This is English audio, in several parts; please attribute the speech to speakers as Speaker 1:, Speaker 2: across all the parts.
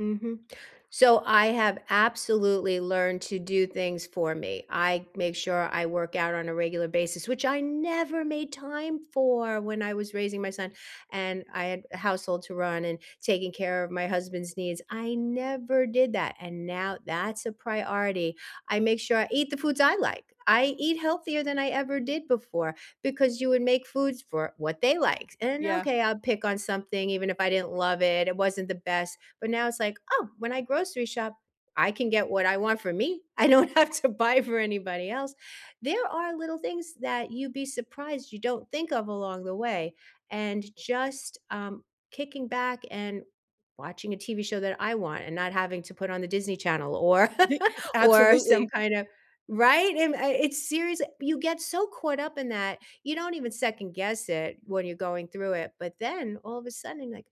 Speaker 1: Mhm. So I have absolutely learned to do things for me. I make sure I work out on a regular basis, which I never made time for when I was raising my son, and, I had a household to run, and taking care of my husband's needs. I never did that, and now that's a priority. I make sure I eat the foods I like. I eat healthier than I ever did before, because you would make foods for what they liked, and,
Speaker 2: Yeah.
Speaker 1: okay, I'll pick on something even if I didn't love it, it wasn't the best, but now it's like, "Oh, when I grocery shop, I can get what I want for me. I don't have to buy for anybody else." There are little things that you'd be surprised you don't think of along the way, and just, um, kicking back and watching a TV show that I want and not having to put on the Disney Channel or
Speaker 2: The
Speaker 1: or some
Speaker 2: absolutely.
Speaker 1: kind of right? And, uh, I it's serious. You get so caught up in that. You don't even 2nd guess it, when you're going through it, but then, all of a sudden, like,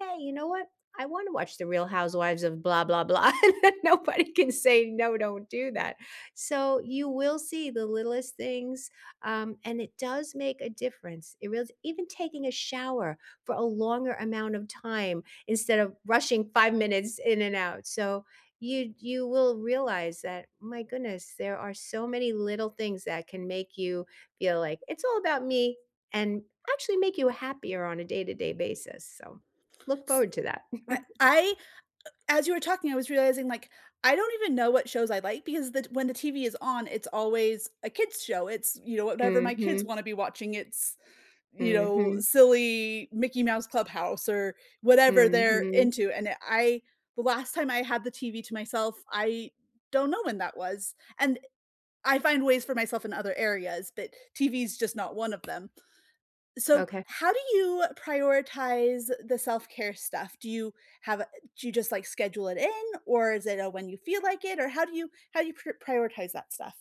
Speaker 1: "Hey, you know what? I wanna watch The Real Housewives of blah, blah, blah." Nobody can say, "No, don't do that." So, you will see the littlest things, um, and it does make a difference. It reals even taking a shower for a longer amount of time instead of rushing 5 minutes in and out. So, you'd you will realize that my goodness, there are so many little things that can make you feel like, "It's all about me." And actually make you happier on a day to day basis. So, look
Speaker 2: S
Speaker 1: forward to that.
Speaker 2: right I uh as you were talking, I was realizing, like, I don't even know what shows I like, because the t when the TV is on, it's always a kids' show. It's, you know, whatever my kids
Speaker 1: Mhm.
Speaker 2: wanna be watching. It's, you know,
Speaker 1: Mhm.
Speaker 2: silly Mickey Mouse Clubhouse, or whatever they're
Speaker 1: Mhm.
Speaker 2: into, and e I the last time I had the TV to myself, I don't know when that was, and, I find ways for myself in other areas, but TV's just not 1 of them. So,
Speaker 1: Okay.
Speaker 2: how do you prioritize the self-care stuff? Do you have a do you just, like, schedule it in? Or is it a when you feel like it? Or how do you how do you pr prioritize that stuff?